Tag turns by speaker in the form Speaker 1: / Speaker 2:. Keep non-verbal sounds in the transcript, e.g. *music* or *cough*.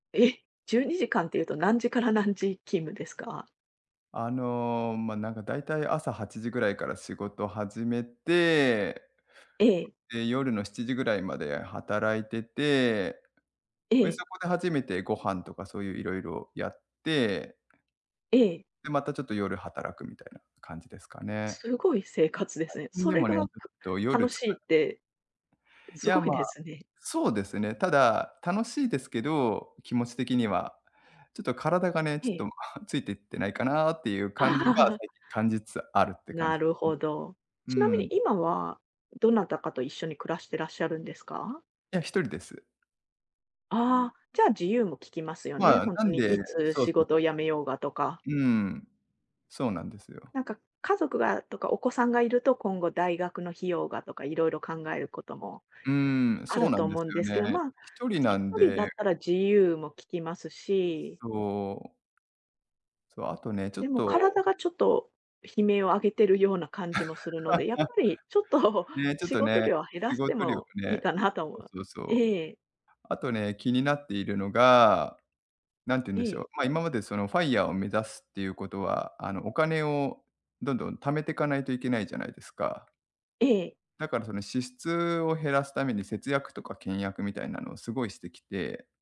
Speaker 1: え！12時間っていうと何時から何時勤務ですか？
Speaker 2: あの、ま、なんかだいたい朝8時ぐらいから仕事始めて
Speaker 1: ええ。
Speaker 2: で夜の7時ぐらいまで働いてて、
Speaker 1: え
Speaker 2: で
Speaker 1: え。
Speaker 2: そこで初めてご飯とかそういう色々やって
Speaker 1: ええ。
Speaker 2: で、またちょっと夜働くみたいな感じですかね。
Speaker 1: すごい生活です
Speaker 2: 最
Speaker 1: ね。
Speaker 2: 近
Speaker 1: そ
Speaker 2: で
Speaker 1: れ
Speaker 2: もね、ちょ
Speaker 1: が
Speaker 2: っと
Speaker 1: た
Speaker 2: 夜
Speaker 1: 楽
Speaker 2: つ
Speaker 1: し
Speaker 2: か
Speaker 1: いって、
Speaker 2: い
Speaker 1: す
Speaker 2: や、
Speaker 1: ごい
Speaker 2: ま
Speaker 1: で
Speaker 2: あ、
Speaker 1: すね。
Speaker 2: そうですね。ただ、楽しいですけど、気持ち的には。ちょっと体がね、ち
Speaker 1: え
Speaker 2: ょっ
Speaker 1: え。
Speaker 2: と *sighs* ついていってないかなっていう感じが
Speaker 1: *laughs*
Speaker 2: 最近感じつつあるって感
Speaker 1: な
Speaker 2: じ。
Speaker 1: るほど。
Speaker 2: うー
Speaker 1: ちなみに
Speaker 2: ん。
Speaker 1: 今は、どなたかと一緒に暮らしてらっしゃるんですか？
Speaker 2: ええ、1人です。
Speaker 1: ああ、じゃあ自由もききますよね。
Speaker 2: まあ、
Speaker 1: ほん
Speaker 2: な
Speaker 1: と
Speaker 2: ん
Speaker 1: に
Speaker 2: で、
Speaker 1: いつ
Speaker 2: そう
Speaker 1: 仕
Speaker 2: そう
Speaker 1: 事
Speaker 2: そ
Speaker 1: を
Speaker 2: う。
Speaker 1: 辞めようがとか。
Speaker 2: うーん、そうなんですよ。
Speaker 1: なんか家族がとか、お子さんがいると今後大学の費用がとか、いろいろ考えることも
Speaker 2: うーん、
Speaker 1: あ
Speaker 2: そう
Speaker 1: る
Speaker 2: な
Speaker 1: と
Speaker 2: んで
Speaker 1: 思う
Speaker 2: す
Speaker 1: ん
Speaker 2: よ
Speaker 1: です
Speaker 2: ね。
Speaker 1: けど、
Speaker 2: 1
Speaker 1: まあ
Speaker 2: 人なんで
Speaker 1: 1 人 だったら自由もききますし
Speaker 2: そう。そう、あとね、ちょっ
Speaker 1: でも
Speaker 2: と
Speaker 1: 体がちょっと悲鳴を上げてるような感じもするので、やっ
Speaker 2: *laughs*
Speaker 1: ぱりちょっと
Speaker 2: ね、ちょっ
Speaker 1: 仕
Speaker 2: と
Speaker 1: 事
Speaker 2: ね、
Speaker 1: 量を減ら
Speaker 2: 仕
Speaker 1: して
Speaker 2: 事量を
Speaker 1: もいい
Speaker 2: ね、
Speaker 1: かなとも。
Speaker 2: そうそうそう。
Speaker 1: ええ。
Speaker 2: あとね、気になっているのが、なんて言うん
Speaker 1: え
Speaker 2: でしょう、
Speaker 1: え。
Speaker 2: ま、今までその FIRE を目指すっていうことは、あのお金をどんどん貯めてかないといけないじゃないですか。
Speaker 1: ええ。
Speaker 2: だからその支出を減らすために節約とか倹約みたいなのをすごいしてきて